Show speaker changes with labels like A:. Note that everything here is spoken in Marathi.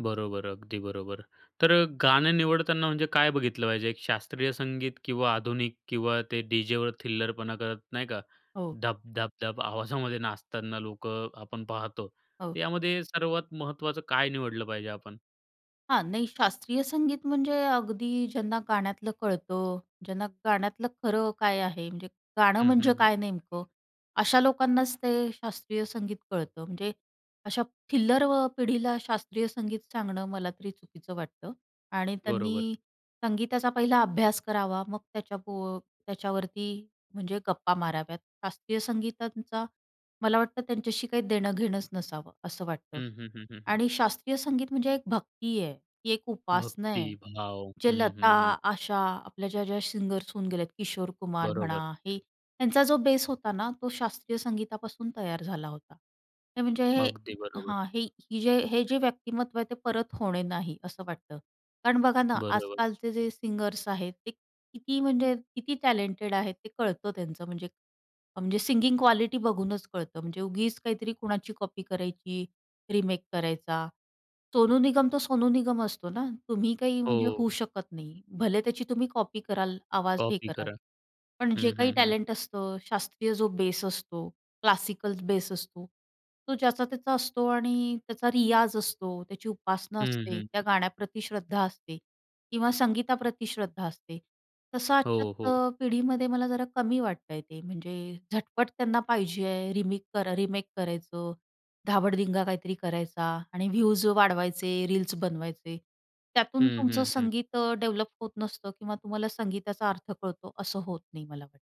A: बरोबर. अगदी बरोबर. तर गाणं निवडताना म्हणजे काय बघितलं पाहिजे? एक शास्त्रीय संगीत किंवा आधुनिक किंवा ते डीजेवर थिल्लरपणा करत नाही का?
B: हो.
A: धप-धप-धप आवाजामध्ये नाचताना लोकं आपण पाहतो.
B: हो.
A: यामध्ये सर्वात महत्त्वाचं काय निवडलं पाहिजे आपण?
B: हां. नाही शास्त्रीय संगीत म्हणजे अगदी ज्यांना गाण्यातलं कळतं, ज्यांना गाण्यातलं खरं काय आहे? म्हणजे गाणं
A: हं, हं,
B: म्हणजे
A: हं.
B: काय नेमकं? अशा लोकांनाच ते शास्त्रीय संगीत कळतं. म्हणजे अशा थिल्लरव पिढीला शास्त्रीय संगीत सांगणं, मला तरी चुकीचं वाटतं आणि
A: बरोबर.
B: त्यांनी संगीताचा पहिला अभ्यास करावा, मग त्याच्याप अ, त्याच्यावरती म्हणजे गप्पा माराव्यात. शास्त्रीय संगीतांचा मला वाटतं त्यांच्याशी काही देणं-घेणंच नसावं, असं वाटतं
A: हं, हं, हं, हं, हं.
B: आणि शास्त्रीय संगीत म्हणजे एक भक्ती आहे. ती एक उपासना
A: भक्ती
B: आहे.
A: भाव.
B: जे
A: हं,
B: लता,
A: हं, हं.
B: आशा आपल्या ज्या-ज्या सिंगरर्स होऊन गेले आहेत. किशोर कुमार म्हणा,
A: बरोबर.
B: हे यांचा जो बेस होता ना, तो शास्त्रीय संगीतापासून तयार झाला होता. हे म्हणजे हे
A: अगदी बरोबर.
B: हां, ही हे जे हे जे व्यक्तिमत्त्व आहे ते परत होणे नाही, असं वाटतं. कारण बघा ना,
A: बरोबर.
B: आजकालचे जे सिंगर्स आहेत, ते किती म्हणजे किती टॅलेंटेड आहेत, ते कळतं त्यांचं म्हणजे. म्हणजे सिंगिंग क्वालिटी बघूनच कळतं. म्हणजे उगीच काहीतरी कुणाची कॉपी करायची, रिमेक करायचा. सोनू निगम तर सोनू निगम असतो ना, तुम्ही काही म्हणजे
A: हो.
B: होऊ शकत नाही. भले त्याची तुम्ही कॉपी कराल, आवाज हे
A: कॉपी
B: कराल.
A: करा.
B: पण जे
A: हं,
B: काही
A: हं, हं.
B: टॅलेंट असतं, शास्त्रीय जो बेस असतो, क्लासिकल बेस असतो, तो ज्याचा-त्याचा असतो, आणि त्याचा रियाज असतो, त्याची उपासना
A: हं,
B: असते.
A: हं,
B: त्या
A: हं.
B: गाण्याप्रती श्रद्धा असते किंवा संगीताप्रती श्रद्धा असते, तसं
A: हो, हो.
B: आजच्या पिढीमध्ये मला जरा कमी वाटतंय ते, म्हणजे झटपट त्यांना पाहिजे आहे, रिमिक कर रिमेक करायचं, धाबडदिंगा काहीतरी करायचा, आणि व्यूज वाढवायचे, रील्स बनवायचे. त्यातून
A: हं,
B: तुमचं
A: हं, हं.
B: संगीत डेव्हलप होत नसतं किंवा तुम्हाला संगीताचा अर्थ कळतो असं होत नाही मला वाटतं.